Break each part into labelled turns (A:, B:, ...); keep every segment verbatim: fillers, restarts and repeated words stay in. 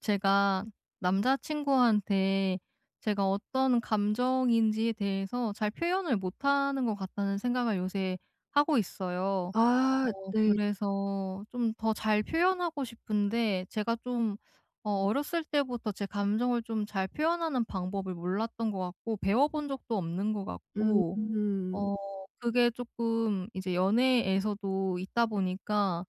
A: 제가 남자 친구한테 제가 어떤 감정인지에 대해서 '잘 표현을 못하는 것 같다.'는 생각을 요새 하고 있어요.
B: 아
A: 어
B: 네.
A: 그래서 좀 더 잘 표현하고 싶은데 제가 좀 어 어렸을 때부터 제 감정을 좀 잘 표현하는 방법을 몰랐던 것 같고 배워 본 적도 없는 것
B: 음
A: 같고
B: 음.
A: 어 그게 쪼끔 이제 연애에서도 있다 보니까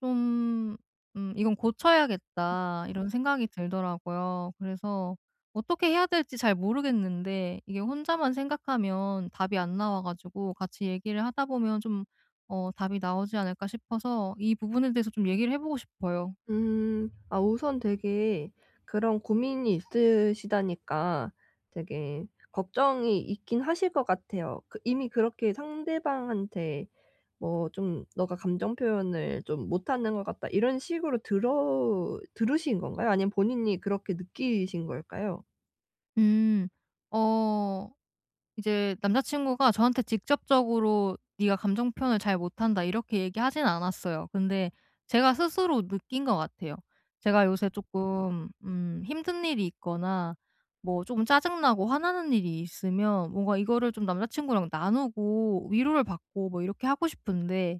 A: 좀 '음 이건 고쳐야겠다.' 이런 생각이 들더라고요. 그래서 어떻게 해야 될지 잘 모르겠는데 이게 혼자만 생각하면 답이 안 나와 가지고 '같이 얘기를 하다 보면 좀 어 답이 나오지 않을까?' 싶어서 이 부분에 대해서 좀 얘기를 해 보고 싶어요.
B: 음, 아 우선 되게 그런 고민이 있으시다니까 되게 걱정이 있긴 하실 것 같아요. 그 이미 그렇게 상대방한테 뭐 좀 "너가 감정 표현을 좀 못하는 것 같다." 이런 식으로 들어 들으신 건가요? 아니면 본인이 그렇게 느끼신 걸까요?
A: 음. 어. 이제 남자 친구가 저한테 직접적으로 "네가 감정 표현을 잘 못한다." 이렇게 얘기하진 않았어요. 근데 제가 스스로 느낀 것 같아요. 제가 요새 쪼끔 음 힘든 일이 있거나 뭐 쪼금 짜증나고 화나는 일이 있으면 뭔가 이거를 좀 남자 친구랑 나누고 위로를 받고 뭐 이렇게 하고 싶은데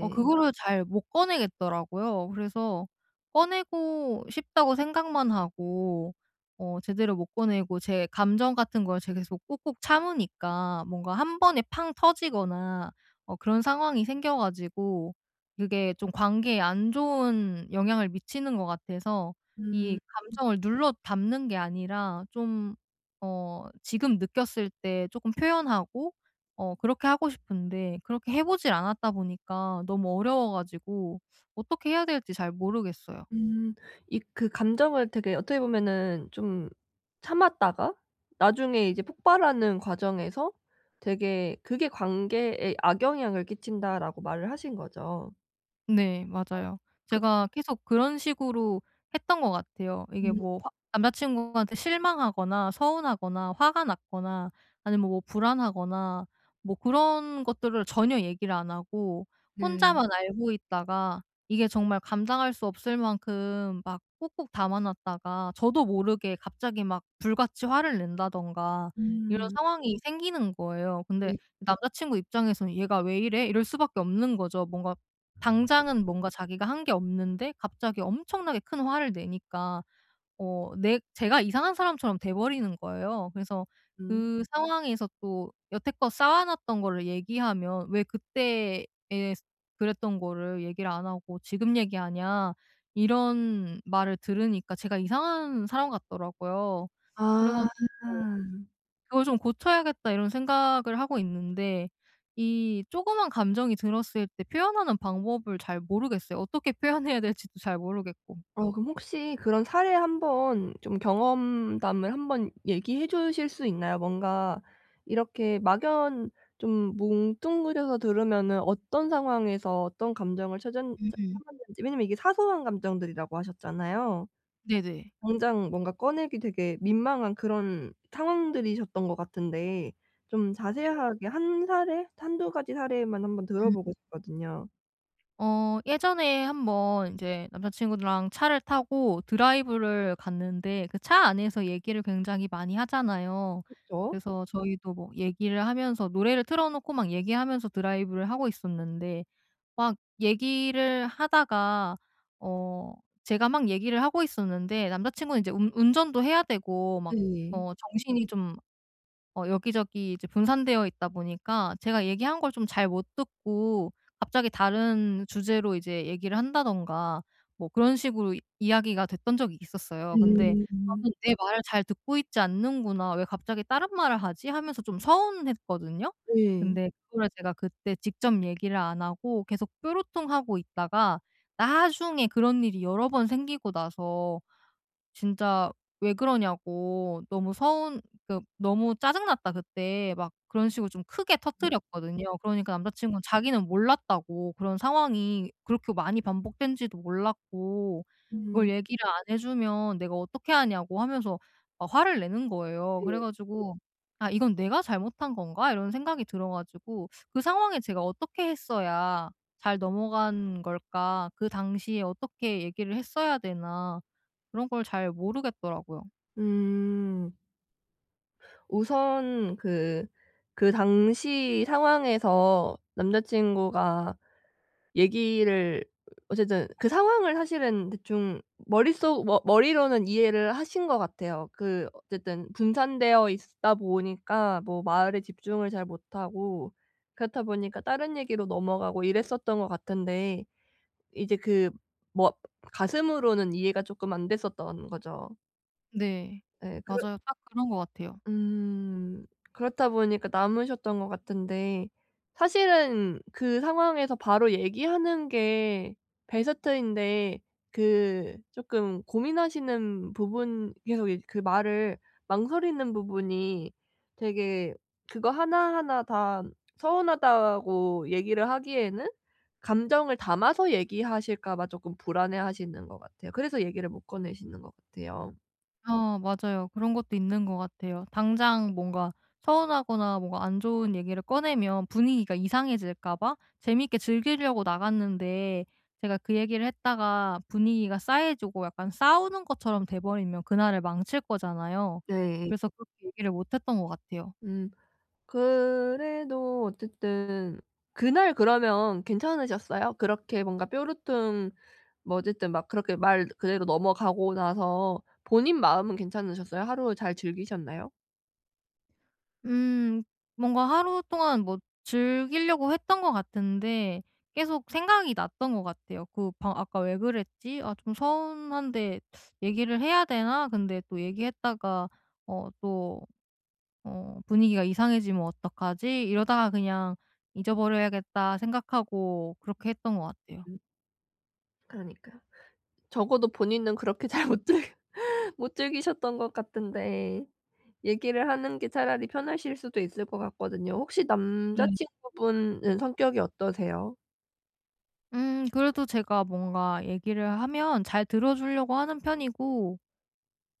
A: 어 그거를 잘 못 꺼내겠더라고요. 그래서 꺼내고 싶다고 생각만 하고 어 제대로 못 꺼내고 제 감정 같은 걸 제가 계속 꾹꾹 참으니까 뭔가 한 번에 팡 터지거나 어 그런 상황이 생겨 가지고 그게 좀 관계에 안 좋은 영향을 미치는 것 같아서 이
B: 음.
A: 감정을 눌러 담는 게 아니라 좀 어 지금 느꼈을 때 쪼끔 표현하고 어 그렇게 하고 싶은데 그렇게 해 보지를 않았다 보니까 너무 어려워 가지고 어떻게 해야 될지 잘 모르겠어요.
B: 음. 이 그 감정을 되게 어떻게 보면 좀 참았다가 나중에 이제 폭발하는 과정에서 되게 그게 관계에 악영향을 끼친다라고 말을 하신 거죠.
A: 네,
B: 아.
A: 맞아요.
B: 그
A: 제가 계속 그런 식으로 했던 것 같아요. 이게
B: 음.
A: 뭐 화 남자 친구한테 실망하거나, 서운하거나, 화가 났거나, 아니면 뭐 불안하거나 뭐 그런 것들을 전혀 얘기를 안 하고
B: 네.
A: 혼자만 알고 있다가 이게 정말 감당할 수 없을 만큼 막 꾹꾹 담아 놨다가 저도 모르게 갑자기 막 불같이 화를 낸다든가 이런
B: 음.
A: 상황이 생기는 거예요. 근데
B: 네.
A: 남자 친구 입장에서는 '얘가 왜 이래?' 이럴 수밖에 없는 거죠. 뭔가 당장은 뭔가 자기가 한 게 없는데 갑자기 엄청나게 큰 화를 내니까 어 내 제가 이상한 사람처럼 돼 버리는 거예요. 그래서
B: 음.
A: 그 상황에서 또 여태껏 쌓아 놨던 거를 얘기하면 "왜 그때에 그랬던 거를 얘기를 안 하고 지금 얘기하냐?" 이런 말을 들으니까, 제가 이상한 사람 같더라고요. 그래
B: 아.
A: 가지고 '그걸 좀 고쳐야겠다.' 이런 생각을 하고 있는데 이 조그만 감정이 들었을 때 표현하는 방법을 잘 모르겠어요, 어떻게 표현해야 될지도 잘 모르겠고.
B: 어 그럼 혹시 그런 사례 한번 좀 경험담을 한번 얘기해 주실 수 있나요? 뭔가 이렇게 막연 좀 뭉뚱그려서 들으면은 어떤 상황에서 어떤 감정을 찾았
A: 음음.
B: 찾았는지 왜냐하면 이게 사소한 감정들이라고 하셨잖아요.
A: 네네.
B: 당장 뭔가 꺼내기 되게 민망한 그런 상황들이셨던 것 같은데 좀
A: 네.
B: 자세하게 한 사례, 한두 가지 사례만 한번 들어
A: 음.
B: 보고 싶거든요.
A: 어 예전에 한 번 이제 남자 친구랑 차를 타고 드라이브를 갔는데 그 차 안에서 얘기를 굉장히 많이 하잖아요.
B: 그쵸.
A: 그래서 저희도 뭐 얘기를 하면서 노래를 틀어 놓고 막 얘기하면서 드라이브를 하고 있었는데 막 얘기를 하다가 어 제가 막 얘기를 하고 있었는데 남자 친구는 이제 운 운전도 해야 되고 막
B: 네.
A: 어 정신이 좀 어 여기저기 이제 분산되어 있다 보니까 제가 얘기한 걸 좀 잘 못 듣고 갑자기 다른 주제로 이제 얘기를 한다든가 뭐 그런 식으로 이야기가 됐던 적이 있었어요. 근데
B: 음.
A: 저는 '내 말을 잘 듣고 있지 않는구나. 왜 갑자기 다른 말을 하지?' 하면서 좀 서운했거든요.
B: 네.
A: 근데 그거를 제가 그때 직접 얘기를 안 하고 계속 뾰루통하고 있다가 나중에 그런 일이 여러 번 생기고 나서 진짜 왜 그러냐고 너무 서운 그 너무 짜증 났다, 그때. 막 그런 식으로 좀 크게
B: 음.
A: 터뜨렸거든요. 그러니까 남자친구는 자기는 몰랐다고 그런 상황이 그렇게 많이 반복된지도 몰랐고 그걸
B: 음.
A: 얘기를 안 해 주면 내가 어떻게 아냐고 하면서 막 화를 내는 거예요. 그래
B: 네.
A: 가지고 '아 이건 내가 잘못한 건가?' 이런 생각이 들어 가지고 그 상황에 제가 어떻게 했어야 잘 넘어간 걸까? 그 당시에 어떻게 얘기를 했어야 되나 그런 걸 잘 모르겠더라고요.
B: 음. 우선 그 그 당시 상황에서 남자 친구가 얘기를 어쨌든 그 상황을 사실은 대충 머릿속 머 머리로는 이해를 하신 것 같아요. 그 어쨌든 분산되어 있다 보니까 뭐 말에 집중을 잘 못하고 그렇다 보니까 다른 얘기로 넘어가고 이랬었던 것 같은데 이제 그 뭐 가슴으로는 이해가 쪼끔 안 됐었던 거죠.
A: 네.
B: 네. 그렇
A: 맞아요 딱 그런 것 같아요.
B: 음 그렇다 보니까 남으셨던 것 같은데 사실은 그 상황에서 바로 얘기하는 게 베스트인데 그 쪼끔 고민하시는 부분 계속 이제 그 말을 망설이는 부분이 되게 그거 하나하나 다 서운하다고 얘기를 하기에는 감정을 담아서 얘기하실까 봐 쪼끔 불안해하시는 것 같아요. 그래서 얘기를 못 꺼내시는 것 같아요.
A: 아 맞아요. 그런 것도 있는 것 같아요. 당장 뭔가 서운하거나 뭔가 안 좋은 얘기를 꺼내면 분위기가 이상해질까 봐 재밌게 즐기려고 나갔는데 제가 그 얘기를 했다가 분위기가 싸해지고 약간 싸우는 것처럼 돼버리면 그날을 망칠 거잖아요.
B: 네.
A: 그래서 그렇게 얘기를 못 했던 것 같아요.
B: 음 그래도 어쨌든 그날 그러면 괜찮으셨어요? 그렇게 뭔가 뾰루퉁 뭐 어쨌든 막 그렇게 말 그대로 넘어가고 나서 본인 마음은 괜찮으셨어요? 하루 잘 즐기셨나요?
A: 음 뭔가 하루동안 뭐 즐길려고 했던 것 같은데 계속 생각이 났던 것 같아요. 그 바 '아까 왜 그랬지? 아 좀 서운한데 얘기를 해야 되나? 근데 또 얘기했다가 어 또 어 분위기가 이상해지면 어떡하지?' 이러다가 '그냥 잊어버려야겠다.' 생각하고 그렇게 했던 것 같아요.
B: 음. 그러니까. 적어도 본인은 그렇게 잘못 즐겼 못 즐기셨던 것 같은데 얘기를 하는 게 차라리 편하실 수도 있을 것 같거든요. 혹시 남자
A: 그러니
B: 친구분은 성격이 어떠세요?
A: 음 그래도 제가 뭔가 얘기를 하면 잘 들어 줄려고 하는 편이고,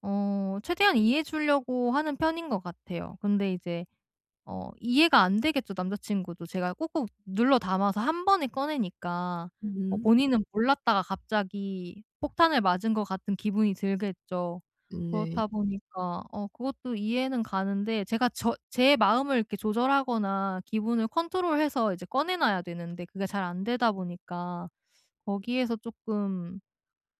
A: 어 최대한 이해해 줄려고 하는 편인 것 같아요. 근데 이제 어 이해가 안 되겠죠 남자 친구도 제가 꼭꼭 눌러 담아서 한 번에 꺼내니까. 뭐
B: 음.
A: 본인은 몰랐다가 갑자기 폭탄을 맞은 것 같은 기분이 들겠죠.
B: 음 네.
A: 그렇다 보니까 어 그것도 이해는 가는데 제가 저 제 마음을 이렇게 조절하거나 기분을 컨트롤해서 이제 꺼내 놔야 되는데 그게 잘 안되다 보니까 거기에서 쪼끔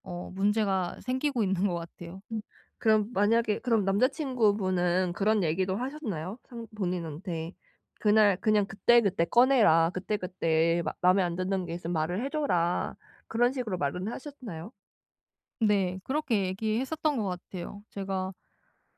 A: 어 문제가 생기고 있는 것 같아요.
B: 음 그럼 만약에 그럼 남자 친구분은 그런 얘기도 하셨나요? 상 본인한테. '그날 그냥 그때그때 꺼내라. 그때그때 맘에 안 드는 게 있으면 말을 해 줘라.' 그런 식으로 말은 하셨나요?
A: 네, 그렇게 얘기했었던 것 같아요. 제가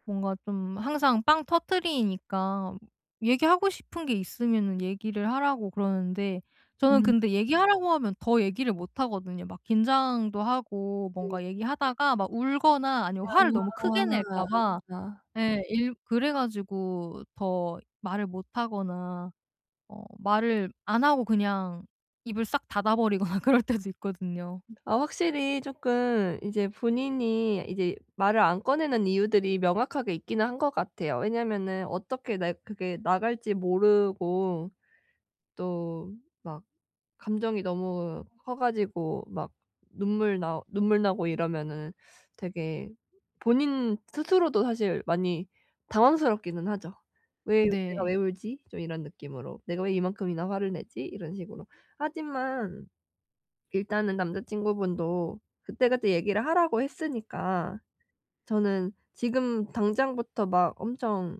A: 뭔가 좀 항상 빵 터트리니까 얘기하고 싶은 게 있으면은 얘기를 하라고 그러는데 저는
B: 음.
A: 근데 얘기하라고 하면 더 얘기를 못하거든요. 막 긴장도 하고
B: 네.
A: 뭔가 얘기하다가 막 울거나 아니면 화를 너무 크게
B: 아아
A: 낼까 봐
B: 나
A: 예, 일 그래 가지고 더 말을 못 하거나 어 말을 안 하고 그냥 입을 싹 닫아 버리거나 그럴 때도 있거든요.
B: 아 확실히 쪼끔 이제 본인이 이제 말을 안 꺼내는 이유들이 명확하게 있기는 한 것 같아요. 왜냐면은 어떻게 네 그게 나갈지 모르고 또 막 감정이 너무 커 가지고 막 눈물 나 눈물 나고 이러면은 되게 본인 스스로도 사실 많이 당황스럽기는 하죠. '왜 내가
A: 네.
B: 왜 울지?' 좀 이런 느낌으로. '내가 왜 이만큼이나 화를 내지?' 이런 식으로. 하지만 일단은 남자 친구분도 그때그때 얘기를 하라고 했으니까 저는 지금 당장부터 막 엄청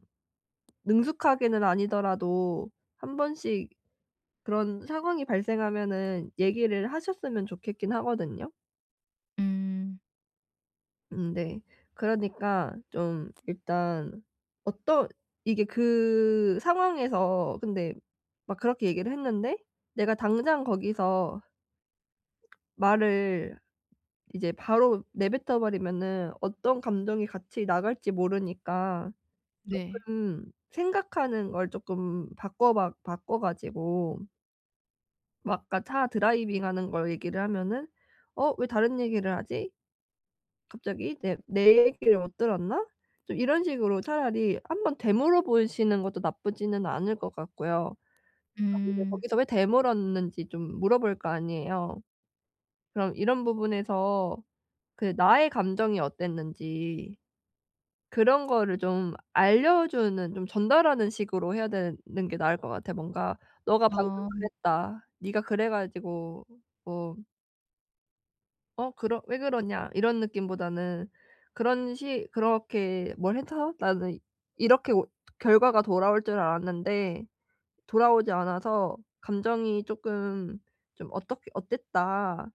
B: 능숙하게는 아니더라도 한 번씩 그런 상황이 발생하면은 얘기를 하셨으면 좋겠긴 하거든요.
A: 음.
B: 음네. 그러니까 좀 일단 어떤 이게 그 상황에서 근데 막 그렇게 얘기를 했는데 내가 당장 거기서 말을 이제 바로 내뱉어 버리면은 어떤 감정이 같이 나갈지 모르니까
A: 네.
B: 쪼끔 생각하는 걸 쪼끔 바꿔박 바꿔 가지고 막 아까 차 드라이빙하는 걸 얘기를 하면은 "어 왜 다른 얘기를 하지? 갑자기 내 내 얘기를 못 들었나?" 이런 식으로 차라리 한번 되물어 보시는 것도 나쁘지는 않을 것 같고요. 아 근데
A: 음.
B: 거기서 왜 되물었는지 좀 물어볼 거 아니에요. 그럼 이런 부분에서 그 나의 감정이 어땠는지 그런 거를 좀 알려주는 좀 전달하는 식으로 해야 되는 게 나을 것 같아. 뭔가 "너가 방금
A: 아.
B: 그랬다. 니가 그래 가지고 뭐" "어 그러 왜 그러냐?" 이런 느낌보다는 그런 식 "그렇게 뭘 해서 나는 이렇게 뭐 결과가 돌아올 줄 알았는데 돌아오지 않아서 감정이 쪼끔 좀 어떻게 어땠다."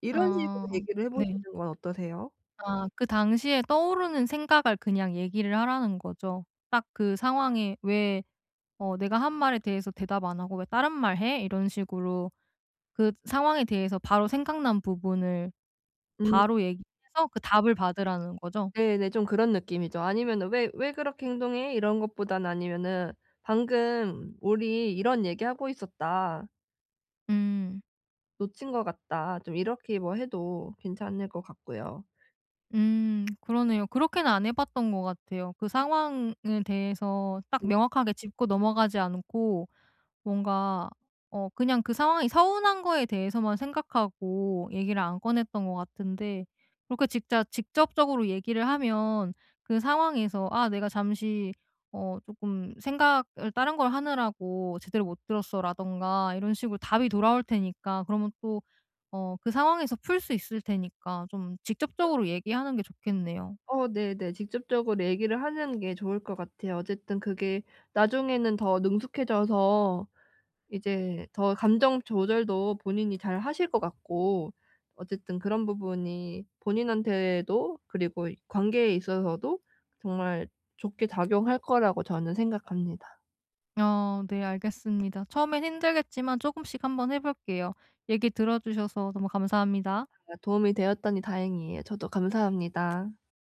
B: 이런 식으로
A: 아,
B: 얘기를 해
A: 네.
B: 보시는 건 어떠세요?
A: 아 그 당시에 떠오르는 생각을 그냥 얘기를 하라는 거죠. 딱 그 상황에 '왜 어 내가 한 말에 대해서 대답 안 하고 왜 다른 말을 해?' 이런 식으로 그 상황에 대해서 바로 생각난 부분을
B: 음.
A: 바로 얘기해서 그 답을 받으라는 거죠?
B: 네네. 좀 그런 느낌이죠. 아니면은 "왜 왜 그렇게 행동해?" 이런 것보다는 아니면은 "방금 우리 이런 얘기 하고 있었다."
A: 음.
B: '놓친 것 같다.' 좀 이렇게 뭐 해도 괜찮을 것 같고요.
A: 음 그러네요. 그렇게는 안 해 봤던 것 같아요. 그 상황에 대해서 딱
B: 네.
A: 명확하게 짚고 넘어가지 않고 뭔가 어 그냥 그 상황이 서운한 거에 대해서만 생각하고 얘기를 안 꺼냈던 것 같은데 그렇게 직자 직접적으로 얘기를 하면 그 상황에서 '아 내가 잠시 어 쪼끔 생각을 다른 걸 하느라고 제대로 못 들었어.'라든가 이런 식으로 답이 돌아올 테니까 그러면 또 어 그 상황에서 풀 수 있을 테니까 좀
B: 아.
A: 직접적으로 얘기하는 게 좋겠네요.
B: 어 네네. 직접적으로 얘기를 하는 게 좋을 것 같아요. 어쨌든 그게 나중에는 더 능숙해져서 이제 더 감정 조절도 본인이 잘 하실 것 같고 어쨌든 그런 부분이 본인한테도 그리고 관계에 있어서도 정말 좋게 작용할 거라고 저는 생각합니다.
A: 아. 네 알겠습니다. 처음엔 힘들겠지만 쪼금씩 한번 해 볼게요. 얘기 들어 주셔서 너무 감사합니다.
B: 아 도움이 되었다니 다행이에요. 저도 감사합니다.